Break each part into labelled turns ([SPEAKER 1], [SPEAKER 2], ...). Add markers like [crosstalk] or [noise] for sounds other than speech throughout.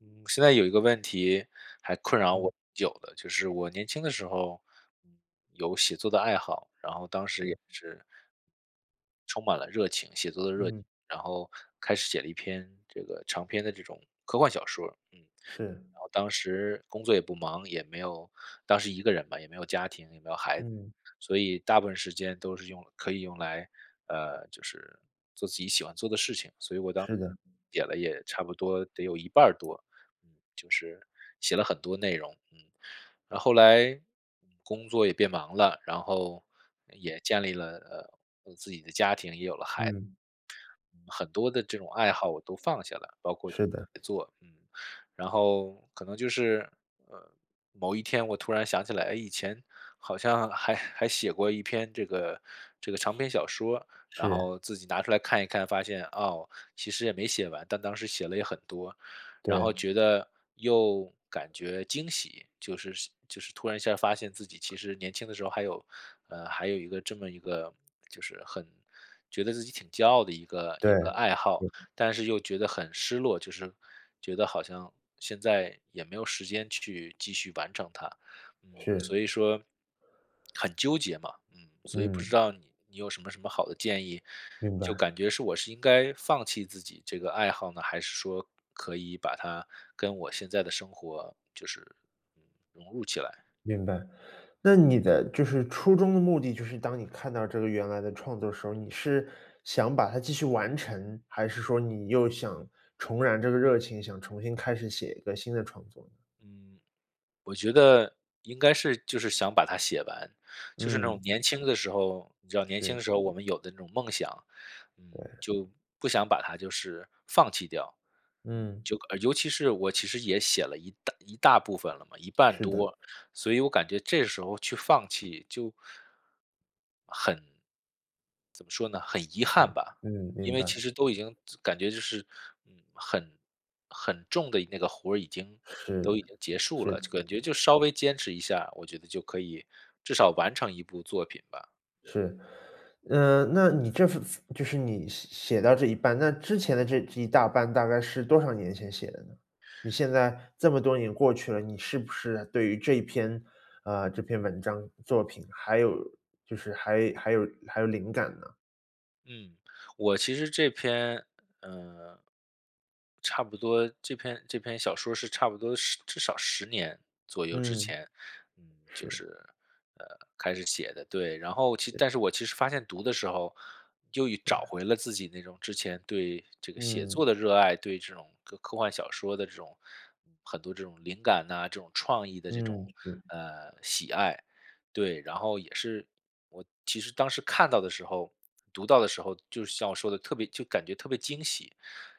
[SPEAKER 1] 嗯，现在有一个问题，还困扰我
[SPEAKER 2] 嗯。
[SPEAKER 1] 挺久的。就是我年轻的时候，嗯，有写作的爱好，然后当时
[SPEAKER 2] 对。
[SPEAKER 1] 也是充满了热情写作的热情。
[SPEAKER 2] 嗯。
[SPEAKER 1] 然后开始写了一篇，这个长篇的这种科幻小说儿，嗯。
[SPEAKER 2] 是。
[SPEAKER 1] 然后当时工作也不忙，也没有当时一个人嘛，也没有家庭，也没有孩子。
[SPEAKER 2] 嗯。
[SPEAKER 1] 所以大部分时间都是用来可以用来，呃，就是做自己喜欢做的事情。所以我当时
[SPEAKER 2] 是的。
[SPEAKER 1] 写了也差不多得有一半儿多嗯，就是写了很多内容，嗯。那后来工作也变忙了，然后，也建立了，呃，呃，自己的家庭，也有了孩子。
[SPEAKER 2] 嗯。
[SPEAKER 1] 嗯，很多的这种爱好我都放下了，包括 [unintelligible] 写
[SPEAKER 2] 是的。
[SPEAKER 1] 作，嗯。然后可能就是，嗯，某一天我突然想起来，以前好像还还写过一篇这个这个长篇小说。然
[SPEAKER 2] 是。
[SPEAKER 1] 后自己拿出看一看发现哦，其实也没写完，但当时写了也很多。然后
[SPEAKER 2] 对。
[SPEAKER 1] 觉得又感觉惊喜，就是就是突然一下儿发现自己其实年轻的时候还有呃，还有一个这么一个，就是很觉得自己挺骄傲的一个一
[SPEAKER 2] 对。
[SPEAKER 1] 个爱好。
[SPEAKER 2] [unintelligible]
[SPEAKER 1] 但是又觉得很失落，就是觉得好像现在也没有时间去继续完成它。嗯，所
[SPEAKER 2] 是。
[SPEAKER 1] 以说，很纠结嘛。嗯，所以不知
[SPEAKER 2] 嗯。
[SPEAKER 1] 道你你有什么什么好的建议，
[SPEAKER 2] 明
[SPEAKER 1] 就
[SPEAKER 2] 白。
[SPEAKER 1] 感觉是，我是应该放弃自己这个爱好呢？还是说可以把它跟我现在的生活就是，嗯，融入起来？
[SPEAKER 2] 明白。那你的，就是初衷的目的，就是当你看到这个原来的创作时候，你是想把它继续完成，还是说你又想重燃这个热情，想重新开始写一个新的创作呢？
[SPEAKER 1] 嗯。我觉得，应该是，就是想把它写完。就是那种
[SPEAKER 2] 嗯。
[SPEAKER 1] 年轻的时候你知道年轻
[SPEAKER 2] 是。
[SPEAKER 1] 的时候，我们有的那种梦想，嗯，
[SPEAKER 2] 对。
[SPEAKER 1] 就不想把它就是放弃掉。嗯，
[SPEAKER 2] 嗯。
[SPEAKER 1] 就尤其是，我其实也写了一大一大部分了嘛一半
[SPEAKER 2] 是的。
[SPEAKER 1] 多。所以我感觉这时候去放弃，就，很怎么说呢，很遗憾
[SPEAKER 2] 嗯，
[SPEAKER 1] 吧。
[SPEAKER 2] 嗯，
[SPEAKER 1] 嗯，因
[SPEAKER 2] 明
[SPEAKER 1] 为
[SPEAKER 2] 白。
[SPEAKER 1] 其实都已经感觉就是，嗯，很很重的一那个活，已经，都
[SPEAKER 2] 是
[SPEAKER 1] 已经结束
[SPEAKER 2] 是
[SPEAKER 1] 了，
[SPEAKER 2] 的。
[SPEAKER 1] 感觉就稍微坚持一下，我觉得就可以，至少完成一部作品吧。
[SPEAKER 2] 是。呃，那你这就是你写写到这一半，那之前的这这一大半大概是多少年前写的呢？你现在，这么多年过去了，你
[SPEAKER 1] 嗯。
[SPEAKER 2] 是不是对于这一篇啊，这篇文章、作品，还有就是还还有还有灵感呢？
[SPEAKER 1] 嗯，我其实这篇，呃差不多这篇这篇小说是差不多是至少10年左右之
[SPEAKER 2] 嗯。
[SPEAKER 1] 前，嗯，就是，
[SPEAKER 2] 是。
[SPEAKER 1] 呃，开始写的，对，然后其
[SPEAKER 2] 对。
[SPEAKER 1] 但是我其实发现读的时候，就又
[SPEAKER 2] 对。
[SPEAKER 1] 找回了自己那种之前对这个写作的
[SPEAKER 2] 嗯。
[SPEAKER 1] 热爱，对这种科科幻小说的这种很多这种灵感哪，这种创意的这种，
[SPEAKER 2] 嗯，是。
[SPEAKER 1] 呃，喜爱，对，然后也是我其实当时看到的时候，读到的时候，就是像我说的特别就感觉特别惊喜。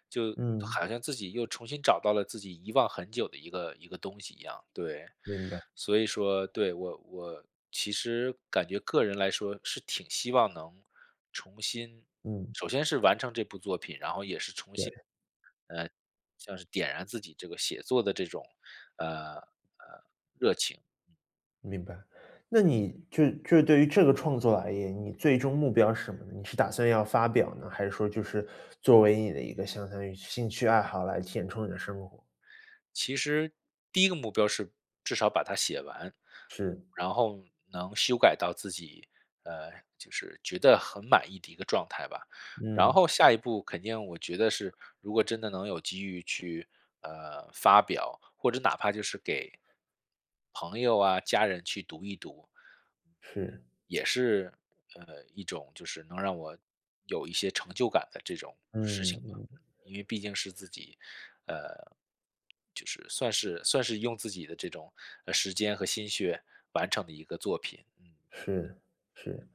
[SPEAKER 1] 就
[SPEAKER 2] 嗯。
[SPEAKER 1] 好像自己又重新找到了自己遗忘很久的一个一个东西一样，对。
[SPEAKER 2] 明白。
[SPEAKER 1] 所以说，对，我我其实感觉个人来说是挺希望能重新
[SPEAKER 2] 嗯。
[SPEAKER 1] 首先是完成这部作品，然后也是重
[SPEAKER 2] 对。
[SPEAKER 1] 新，呃，像是点燃自己这个写作的这种，呃呃，热情。嗯。
[SPEAKER 2] 明白，那你就就对于这个创作而言，你最终目标是什么呢？你是打算要发表呢？还是说就是作为你的一个相当于兴趣爱好来填充你的生活？
[SPEAKER 1] 其实第一个目标是至少把它写完，
[SPEAKER 2] 是。
[SPEAKER 1] 嗯，然后能修改到自己呃，就是觉得很满意的一个状态吧，然
[SPEAKER 2] 嗯。
[SPEAKER 1] 后下一步肯定我觉得是，如果真的能有机遇去，呃，发表，或者哪怕就是给朋友啊家人去读一读
[SPEAKER 2] 是。
[SPEAKER 1] 也是，呃，一种就是能让我有一些成就感的这种事情嘛，
[SPEAKER 2] 嗯。
[SPEAKER 1] 因为毕竟是自己，呃，就是算是算是用自己的这种，呃，时间和心血完成的一个作品。嗯。
[SPEAKER 2] 是，是。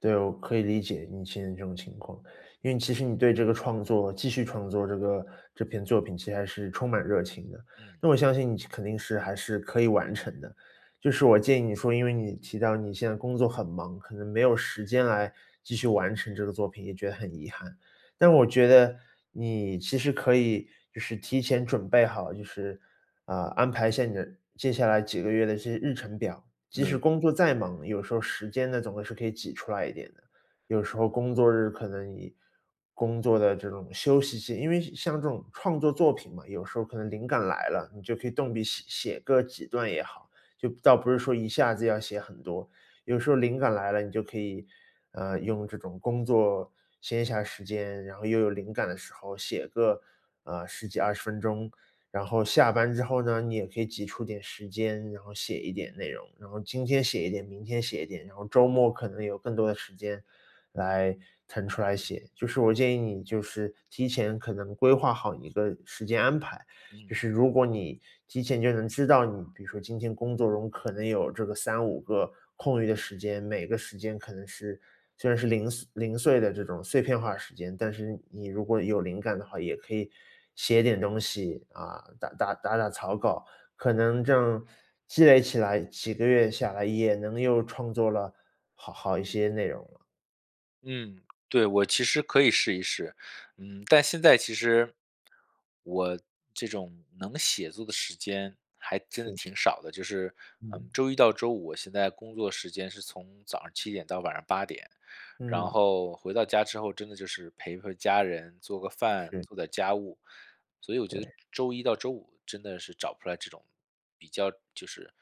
[SPEAKER 2] 对，我可以理解你现在这种情况。因为其实你对这个创作，继续创作这个这篇作品其实是充满热情的。
[SPEAKER 1] 嗯。
[SPEAKER 2] 那我相信你其肯定是还是可以完成的。就是我建议你说，因为你提到你现在工作很忙，可能没有时间来继续完成这个作品，也觉得很遗憾。但我觉得，你其实可以就是提前准备好，就是，呃，安排下你接下来几个月的这日程表，即使
[SPEAKER 1] 嗯。
[SPEAKER 2] 工作再忙，有时候时间呢，总会是可以挤出来一点的。有时候工作日可能以工作的这种休息线因为像这种创作作品嘛，有时候可能灵感来了，你就可以动笔写写个几段也好，就倒不是说一下子要写很多，有时候灵感来了，你就可以，呃，用这种工作闲暇时间，然后又有灵感的时候，写个，呃，10几20分钟，然后下班之后呢，你也可以挤出点时间，然后写一点内容，然后今天写一点，明天写一点，然后周末可能有更多的时间来腾出来写，就是我建议你，就是提前可能规划好一个时间安排，
[SPEAKER 1] 嗯。
[SPEAKER 2] 就是如果你提前就能知道你比如说今天工作中可能有这个3-5个空余的时间，每个时间可能是虽然是零碎零碎的这种碎片化时间，但是你如果有灵感的话，也可以写点东西，啊，打打打打草稿，可能正积累起来，几个月下来，也能又创作了好好一些内容了。
[SPEAKER 1] 嗯，对，我其实可以试一试，嗯，但现在其实，我这种能写作的时间还真的
[SPEAKER 2] 是的。
[SPEAKER 1] 挺少的，就是，呃，
[SPEAKER 2] 嗯。
[SPEAKER 1] 周一到周五我现在工作时间是从早上7点到晚上8点，然
[SPEAKER 2] 嗯。
[SPEAKER 1] 后回到家之后，真的就是陪陪家人做个饭，
[SPEAKER 2] 是。
[SPEAKER 1] 做点儿家务，所以我觉得
[SPEAKER 2] 对。
[SPEAKER 1] 周一到周五真的是找不出来这种比较就是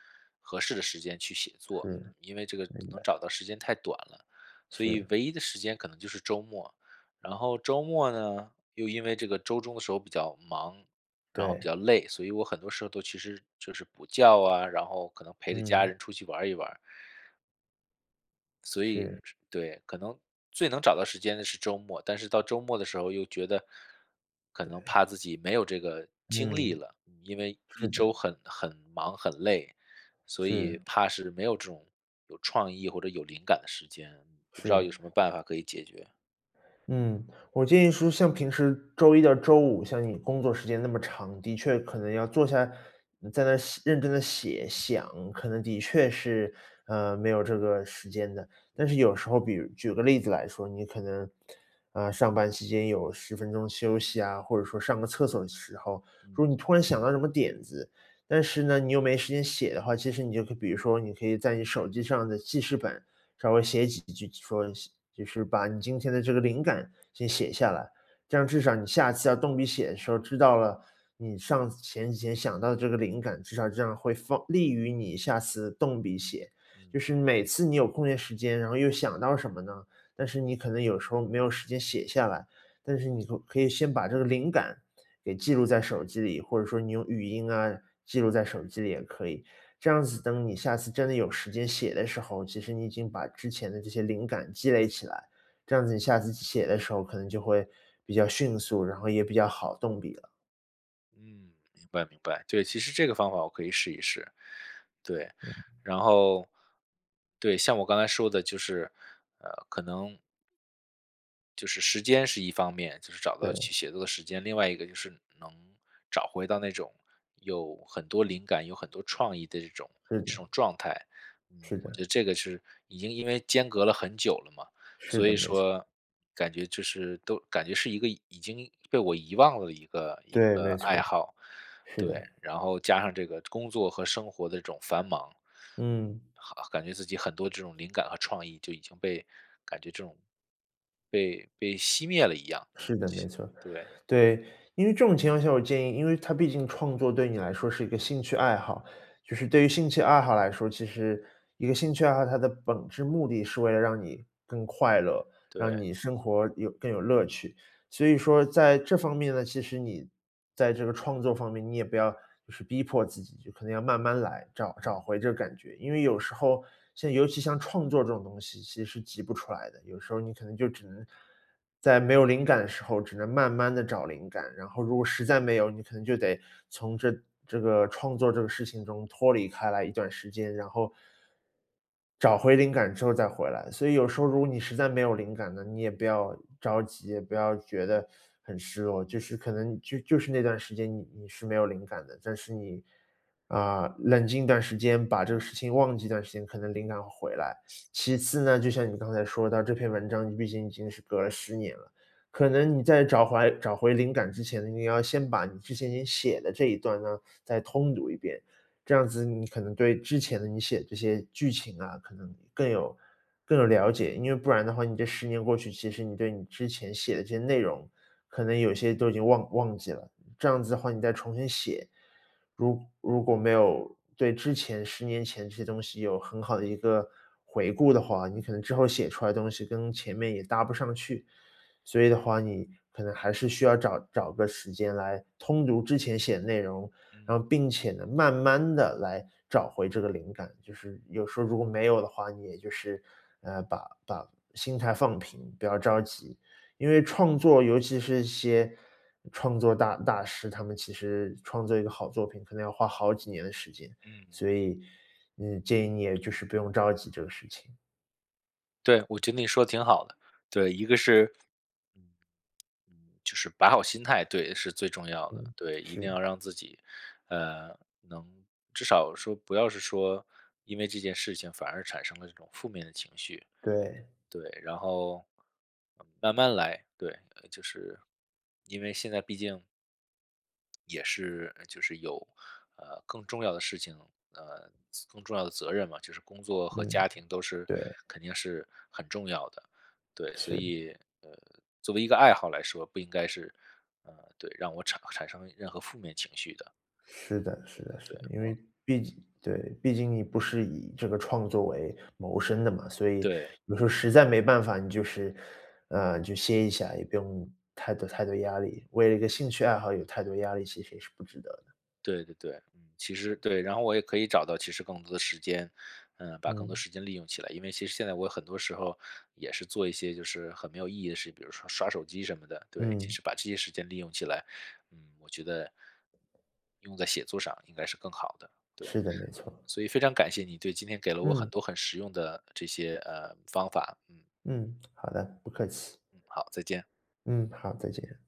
[SPEAKER 1] 合适的时间去写作，
[SPEAKER 2] 是。
[SPEAKER 1] 因为这个
[SPEAKER 2] 明
[SPEAKER 1] 能
[SPEAKER 2] 白。
[SPEAKER 1] 找到时间太短了。所以
[SPEAKER 2] 是。
[SPEAKER 1] 唯一的时间可能就是周末，然后周末呢，又因为这个周中的时候比较忙，然后比
[SPEAKER 2] 对。
[SPEAKER 1] 较累，所以我很多时候都其实就是补觉啊，然后可能陪着家
[SPEAKER 2] 嗯。
[SPEAKER 1] 人出去玩儿一玩儿。所以，
[SPEAKER 2] 是。
[SPEAKER 1] 这对，可能最能找到时间的是周末，但是到周末的时候又觉得。可能
[SPEAKER 2] 对。
[SPEAKER 1] 怕自己没有这个精力
[SPEAKER 2] 嗯。
[SPEAKER 1] 了，因为
[SPEAKER 2] 是
[SPEAKER 1] 一周
[SPEAKER 2] 的。
[SPEAKER 1] 很很忙、很累，所以
[SPEAKER 2] 是。
[SPEAKER 1] 怕是没有这种有创意或者有灵感的时间，不知道
[SPEAKER 2] 是。
[SPEAKER 1] 有什么办法可以解决。
[SPEAKER 2] 嗯，我建议说，像平时周一到周五，像你工作时间那么长，的确可能要坐下，嗯，在那写认真地写，想，可能的确是，呃，没有这个时间的。但
[SPEAKER 1] 嗯。
[SPEAKER 2] 是有时候，比如举个例子来说，你可能，呃，上班期间有10分钟休息啊，或者说上个厕所的时候，如
[SPEAKER 1] 嗯。
[SPEAKER 2] 果你突然想到什么点子，但是呢，你又没时间写的话，其实你就可比如说，你可以在你手机上的记事本，稍微写几句，说，就是把你今天的这个灵感先写下来。这样至少你下次要动笔写的时候，知道了，你上前几天想到的这个灵感，至少这样会放利于你下次动笔写。就
[SPEAKER 1] 嗯。
[SPEAKER 2] 是每次你有空闲时间，然后又想到什么呢，但是你可能有时候没有时间写下来，但是你总可以先把这个灵感给记录在手机里，或者说你用语音啊，记录在手机里也可以。这样子等你下次真的有时间写的时候，其实你已经把之前的这些灵感积累起来，这样子你下次写的时候，可能就会比较迅速，然后也比较好动笔了。
[SPEAKER 1] 嗯，明白明白，对，其实这个方法我可以试一试。对，
[SPEAKER 2] 嗯。
[SPEAKER 1] 然后对，像我刚才说的就是，呃，可能就是时间是一方面，就是找到去
[SPEAKER 2] 对。
[SPEAKER 1] 写作的时间。另外一个就是能找回到那种有很多灵感，有很多创意的这种
[SPEAKER 2] 是
[SPEAKER 1] 这
[SPEAKER 2] 的。
[SPEAKER 1] 种状态。嗯。
[SPEAKER 2] 是
[SPEAKER 1] 我觉
[SPEAKER 2] 的。
[SPEAKER 1] 得这个是已经因为间隔了很久了嘛，
[SPEAKER 2] 是
[SPEAKER 1] 所
[SPEAKER 2] 的，
[SPEAKER 1] 以
[SPEAKER 2] 没错。
[SPEAKER 1] 说，感觉就是，都感觉是一个已经被我遗忘了一个一
[SPEAKER 2] 对，
[SPEAKER 1] 个
[SPEAKER 2] 没
[SPEAKER 1] 爱
[SPEAKER 2] 错。
[SPEAKER 1] 好，
[SPEAKER 2] 是
[SPEAKER 1] 对，
[SPEAKER 2] 的。
[SPEAKER 1] 然后加上这个工作和生活的这种繁忙。
[SPEAKER 2] 嗯。
[SPEAKER 1] 好感觉自己很多这种灵感和创意就已经被感觉这种，被被熄灭了一样。嗯，
[SPEAKER 2] 是的，
[SPEAKER 1] 熄
[SPEAKER 2] 没错。
[SPEAKER 1] 对。
[SPEAKER 2] 对，因为这种情况下，我建议因为它毕竟创作对你来说是一个兴趣爱好，就是对于兴趣爱好来说，其实一个兴趣爱好，它的本质目的是为了让你更快乐，让
[SPEAKER 1] 对。
[SPEAKER 2] 你生活有更有乐趣。所以说在这方面呢，其实你在这个创作方面，你也不要就是逼迫自己，就可能要慢慢来，找找
[SPEAKER 1] 嗯。
[SPEAKER 2] 回这个感觉。因为有时候，像尤其像创作这种东西，其实是急不出来的，有时候你可能就只能，在没有灵感的时候，只能慢慢地找灵感，然后如果实在没有，你可能就得从这这个创作这个事情中脱离开来一段时间，然后找回灵感之后再回来。所以有时候如果你实在没有灵感了，你也不要着急，也不要觉得很失落，就是可能就就是那段时间你你是没有灵感的，但是你，啊，冷静一段时间，把这个事情忘记一段时间，可能灵感会回来。
[SPEAKER 1] [sniffs]
[SPEAKER 2] 其
[SPEAKER 1] 嗯。
[SPEAKER 2] 次呢，就像你刚才说的，这篇文章，你毕竟已经是隔了10年了。可能你在找回来找回灵感之前，你要先把你之前你写的这一段呢，再通读一遍。这样子你可能对之前的你写的这些剧情啊，可能更有更有了解。因为不然的话，你这10年过去，其实你对你之前写的这些内容，可能有些都已经忘忘记了。这样子的话，你再重新写。如如果没有对之前10年前这些东西有很好的一个回顾的话，你可能之后写出来的东西跟前面也搭不上去。所以的话，你可能还是需要找找个时间来通读之前写的内容，然
[SPEAKER 1] 嗯。
[SPEAKER 2] 后并且呢，慢慢地来找回这个灵感。就是有时候如果没有的话，你也就是，呃，把把心态放平，不要着急，因为创作尤其是一些，创作大大师，他们其实创作一个好作品，可能要花好几年的时间，
[SPEAKER 1] 嗯。
[SPEAKER 2] 所以，呃，建议你也就是不用着急这个事情。
[SPEAKER 1] 对，我觉得你说得挺好的，对，一个是就是把好心态，对，是最重要的。
[SPEAKER 2] 嗯，
[SPEAKER 1] 对，一定
[SPEAKER 2] 是。
[SPEAKER 1] 要让自己，呃，能，至少说不要是说，因为这件事情反而产生了这种负面的情绪。
[SPEAKER 2] 对。
[SPEAKER 1] 对，然后，慢慢来，对，就是，因为现在毕竟也是，呃，就是有，呃，更重要的事情，呃，责更重要的责任嘛。就是工作和
[SPEAKER 2] 嗯，
[SPEAKER 1] 家庭都是
[SPEAKER 2] 对。
[SPEAKER 1] 肯定是很重要的，对，所
[SPEAKER 2] 是。
[SPEAKER 1] 以，呃，作为一个爱好来说，不应该是，呃，对，让我产产生任何负面情绪的。
[SPEAKER 2] 是的是
[SPEAKER 1] 对
[SPEAKER 2] 的
[SPEAKER 1] 对
[SPEAKER 2] 是
[SPEAKER 1] 对，
[SPEAKER 2] 的。因为
[SPEAKER 1] 我
[SPEAKER 2] 毕竟对，毕竟你不是以这个创作为谋生的嘛。所以
[SPEAKER 1] 对。
[SPEAKER 2] 有时候实在没办法，你就是呃，就歇一下，也不用太多太多压力。为了一个兴趣爱好有太多压力，其实是不值得的。
[SPEAKER 1] 对对对，嗯，其实对，然后我也可以找到其实更多的时间，呃，把更多
[SPEAKER 2] 嗯。
[SPEAKER 1] 时间利用起来。因为其实现在我很多时候，也是做一些就是很没有意义的事，比如说刷手机什么的，对。其
[SPEAKER 2] 嗯。
[SPEAKER 1] 实把这些时间利用起来，嗯，我觉得用在写作上应该是更好的，对，
[SPEAKER 2] 是的，没错。
[SPEAKER 1] 嗯，所以非常感谢你，对，今天给了我很
[SPEAKER 2] 嗯。
[SPEAKER 1] 多很实用的这些，呃，方法，嗯。
[SPEAKER 2] 嗯，好的，不客气。
[SPEAKER 1] 嗯，好，再见。
[SPEAKER 2] 嗯，好，再见。